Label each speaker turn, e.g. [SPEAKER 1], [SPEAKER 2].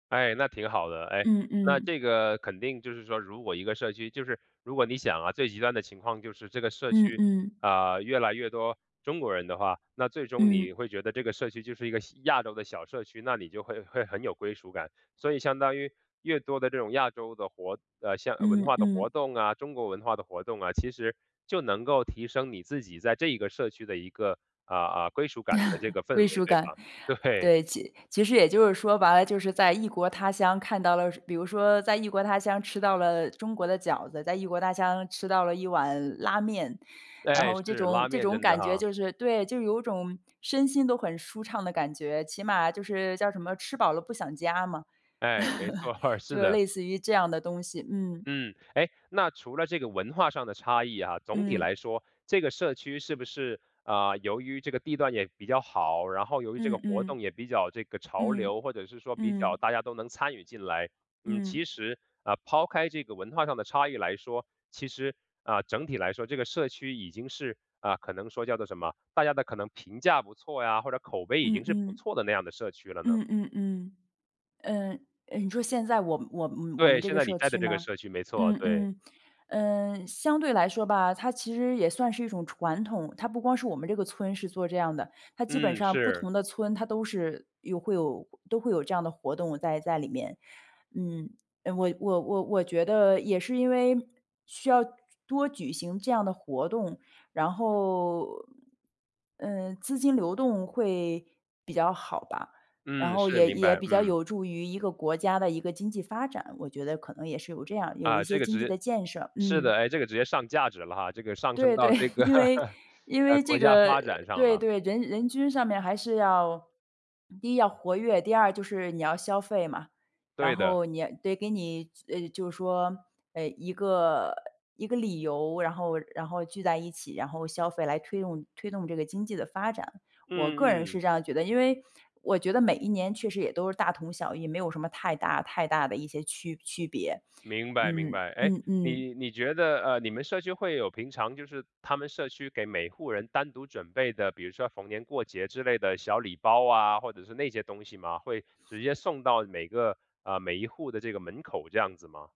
[SPEAKER 1] 哎，那挺好的。哎，
[SPEAKER 2] 嗯
[SPEAKER 1] 那
[SPEAKER 2] 嗯。
[SPEAKER 1] 这个肯定就是说如果一个社区就是如果你想啊，最极端的情况就是这个社
[SPEAKER 2] 嗯
[SPEAKER 1] 区，
[SPEAKER 2] 嗯。
[SPEAKER 1] 呃，越来越多中国人的话，那最终
[SPEAKER 2] 嗯。
[SPEAKER 1] 你会觉得这个社区就是一个小亚洲的小社区，那你就会会很有归属感。所以相当于越多的这种亚洲的活呃，像文
[SPEAKER 2] 嗯
[SPEAKER 1] 化的活
[SPEAKER 2] 嗯。
[SPEAKER 1] 动啊，中国文化的活动啊，其实就能够提升你自己在这一个社区的一个，呃，呃，归属感的这 个氛
[SPEAKER 2] 归
[SPEAKER 1] 围，
[SPEAKER 2] 属
[SPEAKER 1] 对
[SPEAKER 2] 感，
[SPEAKER 1] 吧？对。
[SPEAKER 2] 对，其其实也就是说白了，就是在异国他乡看到了比如说在异国他乡吃到了中国的饺子，在异国他乡吃到了一碗拉面。然
[SPEAKER 1] 诶，
[SPEAKER 2] 后这
[SPEAKER 1] 是，
[SPEAKER 2] 种
[SPEAKER 1] 拉
[SPEAKER 2] 这
[SPEAKER 1] 面
[SPEAKER 2] 种
[SPEAKER 1] 真的
[SPEAKER 2] 感觉
[SPEAKER 1] 哈。
[SPEAKER 2] 就是对，就是有种身心都很舒畅的感觉，起码就是叫什么，“吃饱了不想家”嘛。
[SPEAKER 1] 哎，没错 儿，
[SPEAKER 2] 就
[SPEAKER 1] 是
[SPEAKER 2] 是
[SPEAKER 1] 的。
[SPEAKER 2] 类似于这样的东西，嗯。
[SPEAKER 1] 嗯，诶，那除了这个文化上的差异啊，总体
[SPEAKER 2] 嗯。
[SPEAKER 1] 来说这个社区是不是，呃，由于这个地段也比较好，然后由于这个
[SPEAKER 2] 嗯
[SPEAKER 1] 活
[SPEAKER 2] 嗯。
[SPEAKER 1] 动也比较这个潮
[SPEAKER 2] 嗯，
[SPEAKER 1] 流，或者是说比较
[SPEAKER 2] 嗯。
[SPEAKER 1] 大家都能参与进来。嗯，
[SPEAKER 2] 嗯。
[SPEAKER 1] 其实，呃，抛开这个文化上的差异来说，其实，呃，整体来说这个社区已经是呃，可能说叫做什么，大家的可能评价不错呀，或者口碑已
[SPEAKER 2] 嗯
[SPEAKER 1] 经是不
[SPEAKER 2] 嗯。
[SPEAKER 1] 错的那样的社区了呢？
[SPEAKER 2] 嗯嗯嗯，嗯，嗯，你说现在我我们我们
[SPEAKER 1] 对，
[SPEAKER 2] 这
[SPEAKER 1] 现
[SPEAKER 2] 个
[SPEAKER 1] 在你
[SPEAKER 2] 社
[SPEAKER 1] 在的
[SPEAKER 2] 区
[SPEAKER 1] 这个
[SPEAKER 2] 吗？
[SPEAKER 1] 社区，没错，
[SPEAKER 2] 嗯
[SPEAKER 1] 对。
[SPEAKER 2] 嗯，嗯，相对来说吧，它其实也算是一种传统，它不光是我们这个村是做这样的，它基本
[SPEAKER 1] 嗯，
[SPEAKER 2] 上不
[SPEAKER 1] 是。
[SPEAKER 2] 同的村它都是有会有都会有这样的活动在在里面。嗯，我我我我觉得也是因为需要多举行这样的活动，然后嗯，资金流动会比较好吧。然
[SPEAKER 1] 嗯，
[SPEAKER 2] 后
[SPEAKER 1] 是，
[SPEAKER 2] 也
[SPEAKER 1] 明
[SPEAKER 2] 也
[SPEAKER 1] 白，
[SPEAKER 2] 比较
[SPEAKER 1] 嗯。
[SPEAKER 2] 有助于一个国家的一个经济发展，我觉得可能也是有这样，有一
[SPEAKER 1] 啊，
[SPEAKER 2] 些
[SPEAKER 1] 这个
[SPEAKER 2] 经济
[SPEAKER 1] 直
[SPEAKER 2] 的建设。
[SPEAKER 1] 是的，
[SPEAKER 2] 嗯。
[SPEAKER 1] 诶，这个直接上价值了哈，这个上升
[SPEAKER 2] 对对，
[SPEAKER 1] 到这个
[SPEAKER 2] 因为 因
[SPEAKER 1] 呃，
[SPEAKER 2] 为
[SPEAKER 1] 国
[SPEAKER 2] 这
[SPEAKER 1] 家
[SPEAKER 2] 个呃，
[SPEAKER 1] 发展上
[SPEAKER 2] 对，
[SPEAKER 1] 了。
[SPEAKER 2] 对，人人均上面还是要第一要活跃，第二就是你要消费嘛。然
[SPEAKER 1] 对的。
[SPEAKER 2] 后你得给你呃，就是说呃，一个一个理由，然后然后聚在一起，然后消费，来推动推动这个经济的发展。我个人
[SPEAKER 1] 嗯
[SPEAKER 2] 是
[SPEAKER 1] 嗯。
[SPEAKER 2] 这样觉得，因为我觉得每一年确实也都是大同小异，没有什么太大太大的一些区区别。
[SPEAKER 1] 明白明
[SPEAKER 2] 嗯，
[SPEAKER 1] 白。哎，
[SPEAKER 2] 嗯嗯。
[SPEAKER 1] 你你觉得呃，你们社区会有平常就是他们社区给每户人单独准备的，比如说逢年过节之类的小礼包啊，或者是那些东西吗？会直接送到每个呃，每一户的这个门口这样子吗？